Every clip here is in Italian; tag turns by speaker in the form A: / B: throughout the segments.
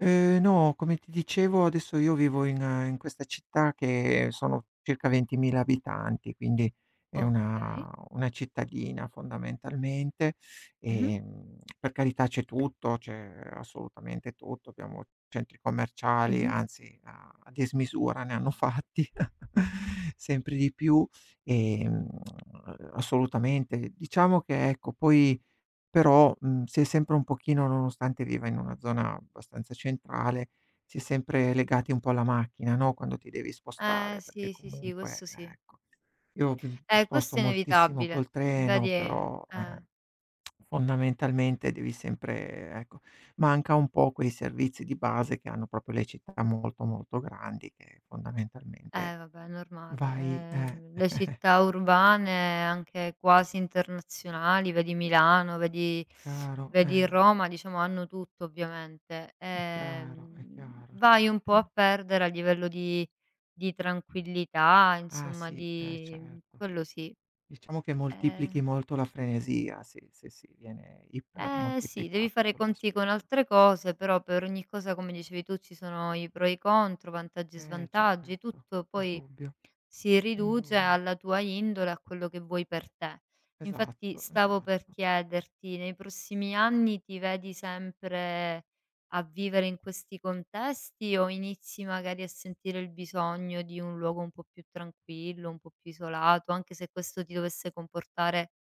A: Ehm, no, come ti dicevo, adesso io vivo in in questa città che sono circa 20000 abitanti, quindi è
B: Okay.
A: una una cittadina fondamentalmente,
B: Mh-mh.
A: ehm, per carità c'è tutto, c'è assolutamente tutto. Abbiamo centri commerciali,
B: Mh-mh.
A: anzi a a dismisura ne hanno fatti sempre di più e, mhmm, assolutamente. Diciamo che ecco poi però, mhmm, sei sempre un pochino nonostante viva in una zona abbastanza centrale, si è sempre legati un po' alla macchina, no, quando ti devi
B: Eh,
A: spostare. Perché
B: sì, sì, sì.
A: comunque,
B: Questo, sì.
A: ecco io pe
B: Eh,
A: sposto
B: questo è
A: moltissimo
B: inevitabile,
A: col
B: mhmm,
A: treno,
B: vedi è
A: però, eh,
B: eh.
A: fondamentalmente devi sempre, ecco manca un po' quei servizi di base che hanno proprio le città molto molto grandi che fondamentalmente
B: Eh, vabbè è normale,
A: vai eh
B: ehm, le città urbane anche quasi internazionali, vedi Milano, vedi
A: Chiaro,
B: vedi
A: eh.
B: Roma diciamo hanno tutto ovviamente.
A: È
B: Ehm,
A: chiaro, è
B: mhmm,
A: chiaro,
B: vai un po'
A: certo.
B: a perdere a livello di di tranquillità
A: Ah
B: insomma
A: sì, eh
B: di mhmm,
A: certo.
B: quello sì.
A: Diciamo che moltiplichi
B: Eh
A: molto la frenesia, se se si viene iper
B: Eh, sì. Devi
A: moltiplicato
B: fare i conti con
A: quell'aspetto.
B: altre cose, però per ogni cosa come dicevi tu ci sono i pro e i contro, vantaggi e
A: Eh,
B: svantaggi,
A: certo,
B: tutto
A: il
B: poi,
A: dubbio
B: si
A: il
B: riduce
A: dubbio.
B: alla tua indole a quello che vuoi per te. Infatti
A: Esatto,
B: stavo per
A: esatto.
B: chiederti, nei prossimi anni ti vedi sempre a vivere in questi contesti, o inizi magari a sentire il bisogno di un luogo un po' più tranquillo, un po' più isolato, anche se questo ti dovesse comportare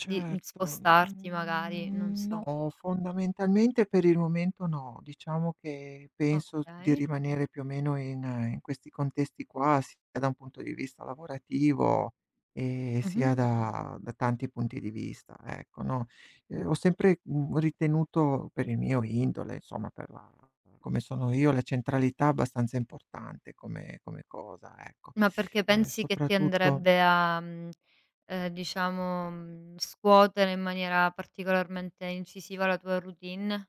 B: di mhmm, spostarti magari, non
A: n
B: so?
A: no, fondamentalmente per il momento no. Diciamo che penso di
B: Okay.
A: rimanere più o meno in in questi contesti qua, sia da un punto di vista lavorativo e
B: Mh-mh.
A: sia da da tanti punti di vista, ecco, no, ehm, ho sempre, mhmm, ritenuto per il mio indole, insomma per la come sono io, la centralità abbastanza importante come come cosa, ecco.
B: Ma perché
A: Ehm,
B: pensi che ti
A: soprattutto
B: andrebbe a, mhmm, ehm, diciamo scuotere in maniera particolarmente incisiva la tua routine?